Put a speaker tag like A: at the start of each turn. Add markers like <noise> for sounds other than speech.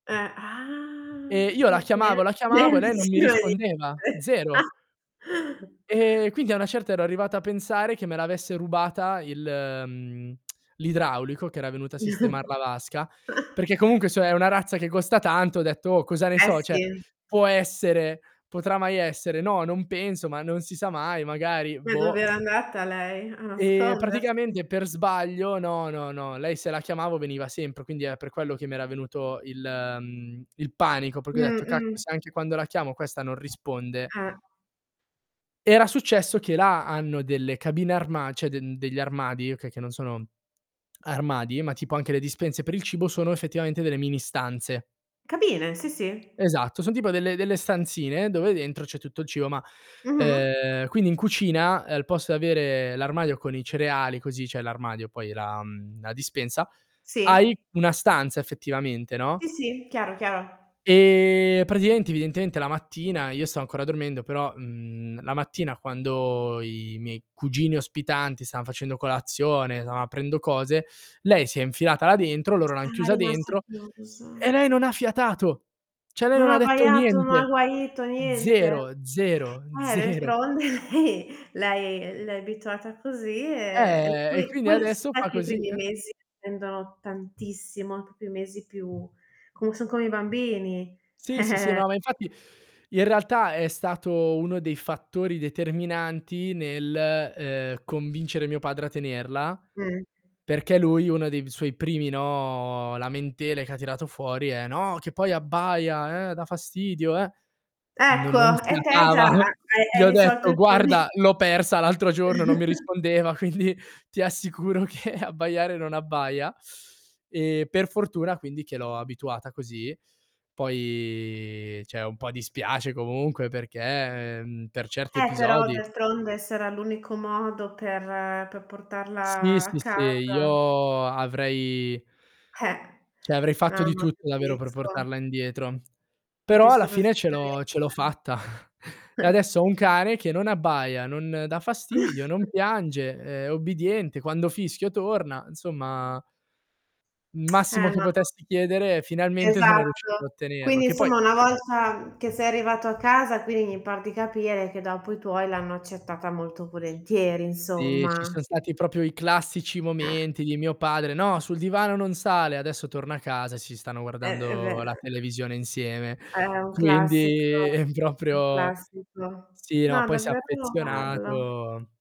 A: Eh, ah,
B: Ehm, io la chiamavo, la chiamavo e lei non mi rispondeva,
A: <unintelligible>
B: zero.
A: <chuckles>
B: Ehm, quindi a una certa ero arrivato a pensare che me l'avesse rubata il mhmm, <smacks lips> l'idraulico che era venuto a sistemar la vasca,
A: <chuckles>
B: perché comunque, cioè, è una razza che costa tanto, ho detto: "Oh cosa ne
A: Eh,
B: so" cioè,
A: sì.
B: può essere? Potrà mai essere? No, non penso ma non si sa mai, magari
A: Ma
B: boh.
A: dov'era andata lei, a
B: E
A: nascondersi?
B: praticamente per sbaglio no, no, no, lei se la chiamavo veniva sempre, quindi è per quello che mi era venuto il mhmm, il panico perché ho
A: Mh,
B: detto: "Cacchio
A: mh.
B: se anche quando la chiamo questa non risponde".
A: Eh.
B: Era successo che là hanno delle cabine armad cioè den degli armadi, okay, che non sono armadi, ma tipo anche le dispense per il cibo sono effettivamente delle mini stanze.
A: Cabine, sì, sì.
B: Esatto, son tipo delle delle stanzine dove dentro c'è tutto il cibo, ma,
A: Mh-mh.
B: ehm, quindi in cucina al posto di avere l'armadio con i cereali così cioè l'armadio poi, la mhmm, la dispensa, hai
A: Sì.
B: una stanza effettivamente, no?
A: Sì, sì, chiaro, chiaro.
B: E praticamente, evidentemente la mattina io stavo ancora dormendo, però, mhmm, la mattina quando i miei cugini ospitanti stan facendo colazione, stavan aprendo cose, lei si è infilata là dentro, loro l'han
A: Era
B: chiusa
A: rimasta
B: dentro e
A: chiusa.
B: lei non ha fiatato. Cioè, lei
A: Non ha
B: non detto
A: abbaiato, non ha
B: niente.
A: guaito, niente?
B: Zero, zero,
A: Eh,
B: zero.
A: d'altronde, hi lei, ehm, l'hai abituata così e e
B: Eh, e
A: poi
B: quindi
A: poi s
B: adesso fa
A: infatti i
B: così.
A: primi mesi tendono tantissimo, proprio i mesi più com son come i bambini. Eh,
B: Sì, sì, sì,
A: eh.
B: no, ma infatti in realtà è stato uno dei fattori determinanti nel, ehm, convincere mio padre a tenerla,
A: Mh.
B: perché lui uno dei suoi primi, no, lamentele che ha tirato fuori è: "No, che poi abbaia, eh, dà fastidio eh". No
A: Ecco,
B: non
A: e te già
B: fiatava.
A: ha
B: <chuckles>
A: hai
B: Gli
A: hai
B: ho
A: risolto
B: detto:
A: il proble
B: "Guarda, l'ho persa l'altro giorno, non mi
A: <chuckles>
B: rispondeva, quindi ti assicuro che abbaiare non abbaia"; e per fortuna quindi che l'ho abituata così. Poi cioè un po' dispiace comunque perché, mhmm, per certi
A: Eh, però
B: episodi
A: d'altronde se era l'unico modo per per
B: Sì,
A: portarla
B: sì,
A: a
B: sì,
A: casa.
B: io avrei
A: Eh!
B: <inhales> cioè avrei fatto
A: Eh,
B: di
A: ma
B: tutto davvero per
A: capisco.
B: portarla indietro. Però alla
A: Capisco
B: fine ce l'ho ce l'ho
A: perfettamente.
B: fatta. <chuckles> E
A: <chuckles>
B: adesso ho un cane che non abbaia, non dà fastidio, non
A: <chuckles>
B: piange, è ubbidiente, quando fischio torna, insomma il
A: <smacks lips>
B: massimo
A: Eh,
B: che
A: ma
B: potessi chiedere finalmente sono
A: Esatto.
B: riuscito a ottenerlo.
A: Quindi,
B: Che poi
A: insomma, una volta che sei arrivato a casa, quindi mi par di capire che dopo i tuoi l'hanno accettata molto volentieri
B: Sì, ci
A: insomma.
B: son stati proprio i classici
A: Eh.
B: momenti di mio padre: "No, sul divano non sale", adesso torna a casa e si stanno
A: Eh, è ve
B: guardando la televisione insieme.
A: È un
B: Quindi
A: classico,
B: è
A: è un
B: proprio
A: classico.
B: sì, no,
A: No
B: poi si è
A: davvero lo parlo.
B: affezionato.